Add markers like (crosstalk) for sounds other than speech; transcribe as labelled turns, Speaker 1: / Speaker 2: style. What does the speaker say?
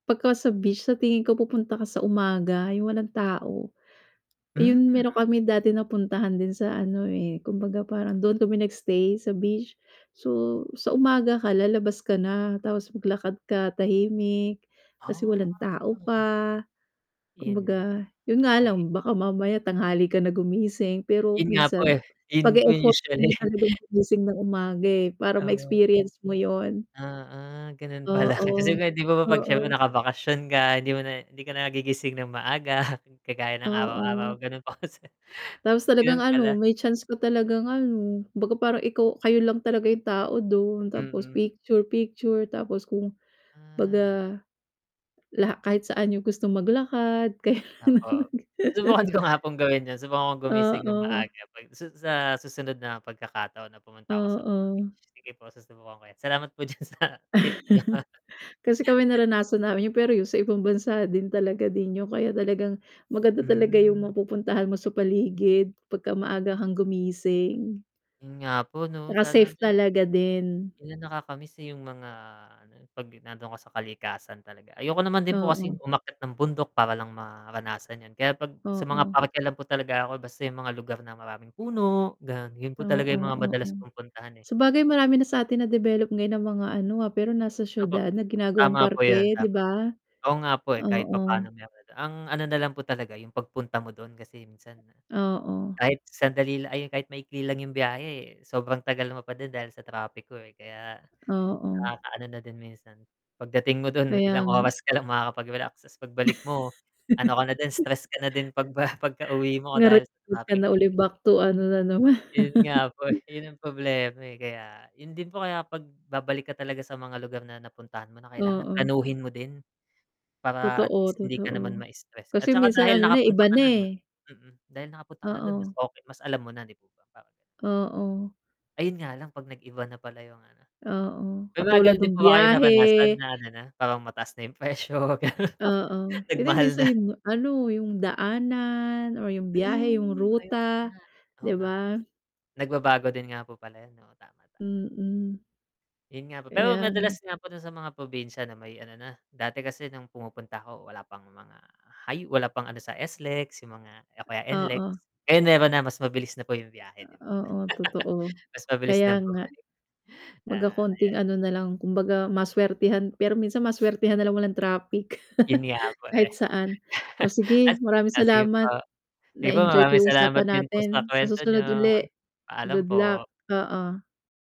Speaker 1: 'Pagka sa beach, sa tingin ko pupunta ka sa umaga, 'yong walang tao. Iyon,
Speaker 2: Hmm.
Speaker 1: meron kami dati napuntahan din sa ano, eh, kumbaga, parang doon kami nagstay sa beach, so sa umaga ka lalabas ka na, tapos maglakad ka, tahimik,
Speaker 2: Ha,
Speaker 1: kasi walan' tao
Speaker 2: oh.
Speaker 1: pa,
Speaker 2: In
Speaker 1: kumbaga, 'yon nga
Speaker 2: Okey.
Speaker 1: lang baka mamaya tanghali ka na gumising, pero
Speaker 2: 'Yon nga po,
Speaker 1: minsan
Speaker 2: eh, 'yon
Speaker 1: pag
Speaker 2: po 'yon
Speaker 1: eeffortan mo
Speaker 2: usually.
Speaker 1: talagang
Speaker 2: (chuckles)
Speaker 1: gumising ng umaga, eh, para
Speaker 2: Oh.
Speaker 1: ma-experience mo 'yon.
Speaker 2: Oo, gano'n pala kasi,
Speaker 1: Oo,
Speaker 2: eh, 'di po ba 'pag siyempre
Speaker 1: oo.
Speaker 2: nakabakasyon ka, hindi mo na hindi ka na nagigising ng maaga, (chuckles) kagaya ng araw-araw
Speaker 1: Oo.
Speaker 2: ganun po kasi.
Speaker 1: Tapos talagang
Speaker 2: Gano'n
Speaker 1: ano,
Speaker 2: pala.
Speaker 1: may chance ka talagang ano, baga parang ikaw kayo lang talaga 'yong tao doon, tapos
Speaker 2: Mhm.
Speaker 1: picture-picture tapos kung
Speaker 2: Ah.
Speaker 1: baga, laha kahit saan niyo gustong maglakad kaya.
Speaker 2: Opo. Subukan
Speaker 1: (chuckles)
Speaker 2: ko nga pong gawin 'yon, subukan kong gumising nang
Speaker 1: Oo.
Speaker 2: maaga 'pag sas sa susunod na pagkakataon na pumunta ako sa mga
Speaker 1: Oo.
Speaker 2: beach, sige po susubukan ko 'yan, salamat po diyan sa tip niyo.
Speaker 1: (chuckles) Kasi kami naranasan namin 'yon, pero yu sa ibang bansa din talaga din 'yon, kaya talagang maganda talaga 'yong
Speaker 2: Hmm.
Speaker 1: mapupuntahan mo sa paligid pagka maaga kang gumising.
Speaker 2: 'Yun nga po 'no,
Speaker 1: 'Tsaka
Speaker 2: sana
Speaker 1: safe
Speaker 2: din.
Speaker 1: talaga din.
Speaker 2: Ayun nakakamiss, eh, 'yong mga ano, eh, 'pag nandoon ako sa kalikasan talaga, ayoko naman din po kasing
Speaker 1: Oo.
Speaker 2: umakyat ng bundok, para lang maranasan 'yon, kaya 'pag sa mga
Speaker 1: Oo.
Speaker 2: parke lang po talaga ako, basta 'yong mga lugar na maraming puno, gano'n, 'yon po
Speaker 1: Oo,
Speaker 2: talaga 'yong mga
Speaker 1: oo.
Speaker 2: madalas kong puntahan, eh.
Speaker 1: Sabagay marami na sa atin nadevelop ngayon na mga ano, ah, pero nasa
Speaker 2: Opo,
Speaker 1: siyudad na ginagawang
Speaker 2: tama po 'yon,
Speaker 1: parke, 'di
Speaker 2: tama.
Speaker 1: ba?
Speaker 2: Oo nga po, eh, kahit
Speaker 1: Oo.
Speaker 2: papaano mayroon, ang ano na lang po talaga 'yong pagpunta mo doon kasi minsan
Speaker 1: Oo.
Speaker 2: kahit sandali la ay, 'yon kahit maikli lang 'yong biyahe, eh, sobrang tagal mo pa din dahil sa trapik ho, eh, kaya
Speaker 1: Oo.
Speaker 2: nakakaano na din minsan. Pagdating mo doon,
Speaker 1: Kaya
Speaker 2: ilang
Speaker 1: nga.
Speaker 2: oras ka lang makakapag-relax, 'tas pagbalik mo, ano ka na din,
Speaker 1: (chuckles)
Speaker 2: stress ka na din pagba pagkauwi mo
Speaker 1: Ngarit
Speaker 2: dahil sa
Speaker 1: huwag ka
Speaker 2: trapik.
Speaker 1: na uli back to ano na naman.
Speaker 2: Ayun nga po, eh, 'yon ang problema, eh, kaya 'yon din po, kaya 'pag babalik ka talaga sa mga lugar na napuntahan mo na, kailangan
Speaker 1: Oo.
Speaker 2: planuhin mo din. Para at
Speaker 1: Totoo,
Speaker 2: least hindi ka naman
Speaker 1: totoo.
Speaker 2: mastress at
Speaker 1: Kasi
Speaker 2: 'tsaka
Speaker 1: minsan
Speaker 2: dahil
Speaker 1: ano na, eh,
Speaker 2: nakapunta
Speaker 1: iba
Speaker 2: ka
Speaker 1: na,
Speaker 2: na doon
Speaker 1: eh.
Speaker 2: mm, dahil nakapunta ka na doon, mas
Speaker 1: Oo.
Speaker 2: okey, mas alam mo na, 'di po ba, parang
Speaker 1: Oo.
Speaker 2: Ayun nga lang 'pag nag-iba na pala 'yong ano.
Speaker 1: Oo,
Speaker 2: May mga
Speaker 1: katulad
Speaker 2: ganoon din
Speaker 1: no'ng
Speaker 2: po ba kayo napadasan
Speaker 1: biyahe.
Speaker 2: na ano na, parang mataas na 'yong presyo? Ganoon.
Speaker 1: Oo, hindi
Speaker 2: Nagmahal
Speaker 1: minsan
Speaker 2: na.
Speaker 1: 'yon ano, 'yong daanan or 'yong biyahe, 'yong
Speaker 2: Hmm, ay, oo nga.
Speaker 1: ruta,
Speaker 2: Oo
Speaker 1: 'di
Speaker 2: nga p
Speaker 1: ba?
Speaker 2: Nagbabago din nga po pala 'yon, oo, tama, tama.
Speaker 1: Mm.
Speaker 2: 'Yun nga po, pero
Speaker 1: Kaya ng
Speaker 2: madalas nga po do'n sa mga probinsya na may ano na, dati kasi no'ng pumupunta ako wala pang mga high wala pang ano sa SLEX, 'yong mga o kaya NLEX.
Speaker 1: Oo.
Speaker 2: Ngayon meron na, mas mabilis na po 'yong biyahe, 'di ba?
Speaker 1: Uh, oo, totoo.
Speaker 2: (chuckles) Mas mabilis ng
Speaker 1: Kaya nga.
Speaker 2: bumalik. 'Ya,
Speaker 1: Baga konting
Speaker 2: ayan.
Speaker 1: ano na lang, kumbaga maswertehan pero minsan maswertehan na lang walang trapik.
Speaker 2: 'Yun nga
Speaker 1: (chuckles)
Speaker 2: po, eh.
Speaker 1: Kahit saan. O, sige
Speaker 2: (chuckles) As
Speaker 1: maraming
Speaker 2: ah, sige po.
Speaker 1: salamat.
Speaker 2: Sige po,
Speaker 1: Naenjoy ko
Speaker 2: maraming
Speaker 1: 'yong
Speaker 2: salamat
Speaker 1: usapan
Speaker 2: din po
Speaker 1: natin,
Speaker 2: sa
Speaker 1: sa
Speaker 2: kuwento niyo.
Speaker 1: susunod uli.
Speaker 2: Paalam
Speaker 1: Good luck,
Speaker 2: po.
Speaker 1: oo.